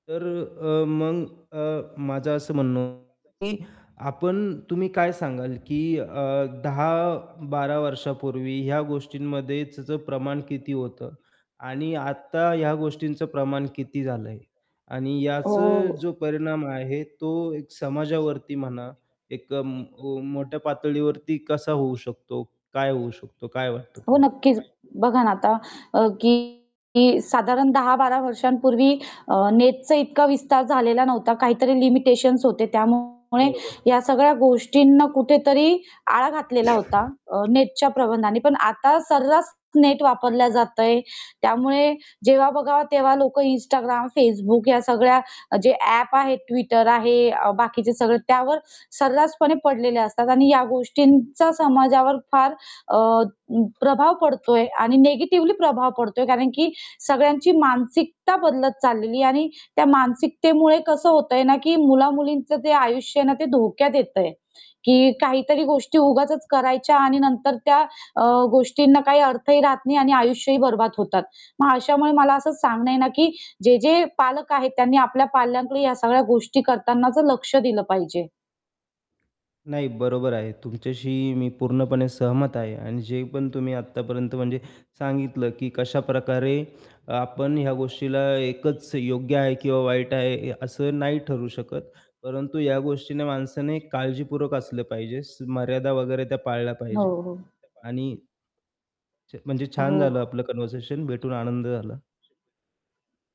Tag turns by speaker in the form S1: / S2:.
S1: तर अ, मग अ, माझं असं म्हणणं होतं की आपण तुम्ही काय सांगाल, की 10-12 वर्षापूर्वी ह्या गोष्टींमध्ये त्याचं प्रमाण किती होतं आणि आत्ता ह्या गोष्टींचं प्रमाण किती झालं आहे आणि
S2: हो,
S1: याचा
S2: हो, हो.
S1: जो परिणाम आहे तो एक समाजावरती म्हणा, एक अं अं, मोठ्या पातळीवरती कसा होऊ शकतो? काय होऊ शकतो? काय वाटतं
S2: हो,
S1: तुम्हाला?
S2: नक्कीच बघा ना आता अ, की की साधारण 10-12 वर्षांपूर्वी अ, नेटचा इतका विस्तार झालेला नव्हता, काहीतरी लिमिटेशन्स होते. त्यामुळे
S1: बरोबर.
S2: या सगळ्या गोष्टींना कुठेतरी आळा घातलेला होता. अ, नेटच्या प्रतिबंधाने पण आता सर्रास नेट वापरला जात आहे. त्यामुळे जेव्हा बघावं तेव्हा लोक Instagram, Facebook या सगळ्या जे ॲप आहे, Twitter आहे अ, बाकीचे सगळे त्यावर सर्रासपणे पडलेले असतात. आणि या गोष्टींचा समाजावर फार अ, अं, प्रभाव पडतोय आणि निगेटिव्हली प्रभाव पडतोय. कारण, की सगळ्यांची मानसिकता बदलत चाललेली आहे आणि त्या मानसिकतेमुळे कसं होतंय ना, की मुला-मुलींचं जे आयुष्य आहे ना ते धोक्यात येत आहे. की काहीतरी गोष्टी उगाचच करायच्या आणि नंतर त्या अ, गोष्टींना काही अर्थही राहत नाही आणि आयुष्यही बरबाद होतात. मग अशामुळे मला असंच सांगणं आहे ना, की जे-जे पालक आहेत, त्यांनी आपल्या पाल्यांकडे ह्या सगळ्या गोष्टी करतानाच लक्ष दिलं पाहिजे.
S1: नाही, बरोबर आहे. तुमच्याशी मी पूर्णपणे सहमत आहे. आणि जे पण तुम्ही आत्तापर्यंत म्हणजे सांगितलं, की कशाप्रकारे अ, आपण ह्या गोष्टीला एकच योग्य आहे किंवा वाईट आहे ए असं नाही ठरू शकत. परंतु या गोष्टीने माणसाने काळजीपूर्वक असलं पाहिजे. स मर्यादा वगैरे त्या पाळल्या
S2: हो,
S1: पाहिजे.
S2: हो.
S1: आणि छ म्हणजे
S2: हो.
S1: छान झालं आपलं कन्व्हर्सेशन. भेटून आनंद झाला.